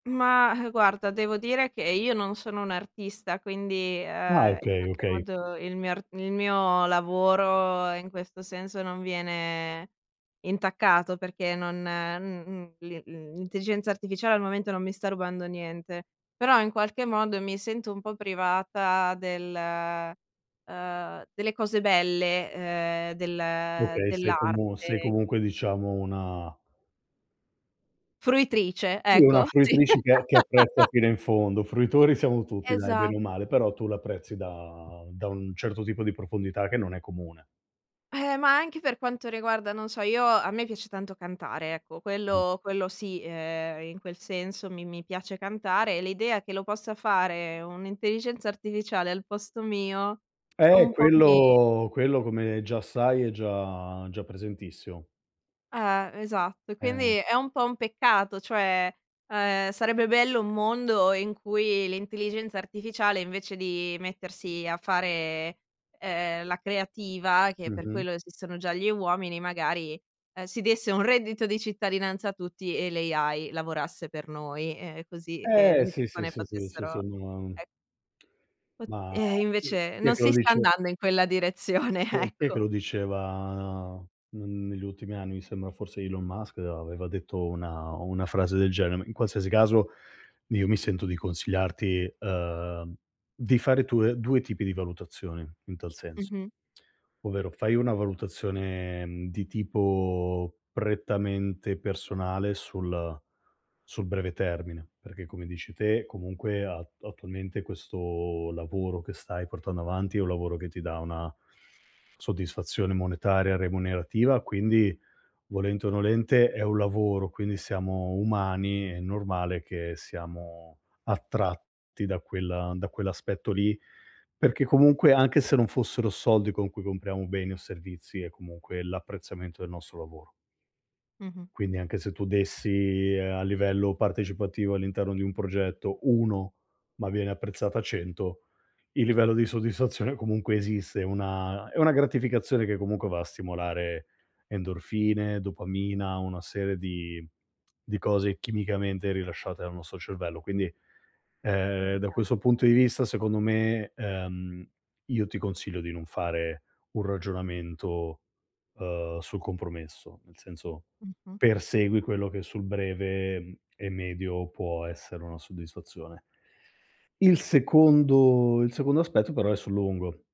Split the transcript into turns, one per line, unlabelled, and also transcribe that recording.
Mah, ehm, guarda devo dire che io non sono un'artista, quindi,
Ah,
ehm, in
okay,
qualche
okay.
modo il mio ar il mio lavoro, in questo senso, non viene intaccato perché non m m l l'intelligenza artificiale al momento non mi sta rubando niente, però in qualche modo mi sento un po' privata del uhm, delle cose belle ,ehm, del
Okay, sei como sei
dell'arte.
comunque diciamo una
Fruitrice,
una
ecco. Sì.
fruitrice che che apprezza fino in fondo. Fruitori siamo tutti, dai,
Esa
bene o male, però tu l'apprezzi da da un certo tipo di profondità che non è comune.
Eh, ma anche per quanto riguarda, non so, io a me piace tanto cantare, ecco, quello quello sì. Ehm, in quel senso mi mi piace cantare, e l'idea che lo possa fare un'intelligenza artificiale al posto mio,
Eh,
un po' mi
quello quello come già sai è già già presentissimo.
Eh, esatto. E
Eh.
quindi è un po' un peccato, cioè, ehm, sarebbe bello un mondo in cui l'intelligenza artificiale invece di mettersi a fare, ehm, la creativa, che per
Mh-mh.
quello esistono già gli uomini, magari, uhm, si desse un reddito di cittadinanza a tutti e l' AI lavorasse per noi, ehm, così che
Eh,
le
sì, sì,
persone
sì, sì, sì,
potessero,
sono una
e Pu
Ma
ehm,
chi
invece
chi è
non
che lo
si sta
dice?
andando in quella direzione,
Chi è chi è che
ecco.
lo diceva n negli ultimi anni? Mi sembra forse Elon Musk aveva detto una o una frase del genere. In qualsiasi caso io mi sento di consigliarti, ehm, di fare tue 2 tipi di valutazione in tal senso,
Mh-mh.
ovvero fai una valutazione, mhmm, di tipo prettamente personale sul sul breve termine, perché come dici te comunque a attualmente questo lavoro che stai portando avanti, è un lavoro che ti dà una soddisfazione monetaria remunerativa, quindi volente o nolente è un lavoro, quindi siamo umani, è normale che siamo attratti da quella da quell'aspetto lì. Perché comunque, anche se non fossero soldi con cui compriamo beni o servizi è comunque l'apprezzamento del nostro lavoro.
Mh-mh.
Quindi anche se tu dessi, ehm, a livello partecipativo all'interno di un progetto 1, ma viene apprezzata 100, il livello di soddisfazione comunque esiste. È una è una gratificazione che comunque va a stimolare endorfine, dopamina, una serie di di cose chimicamente rilasciate dal nostro cervello. Quindi, ehm, da
Okay.
questo punto di vista secondo me, ehm, io ti consiglio di non fare un ragionamento, uhm, sul compromesso, nel senso
Mh-mh.
persegui quello che sul breve, uhm, e medio può essere una soddisfazione. Il secondo il secondo aspetto però è sul lungo.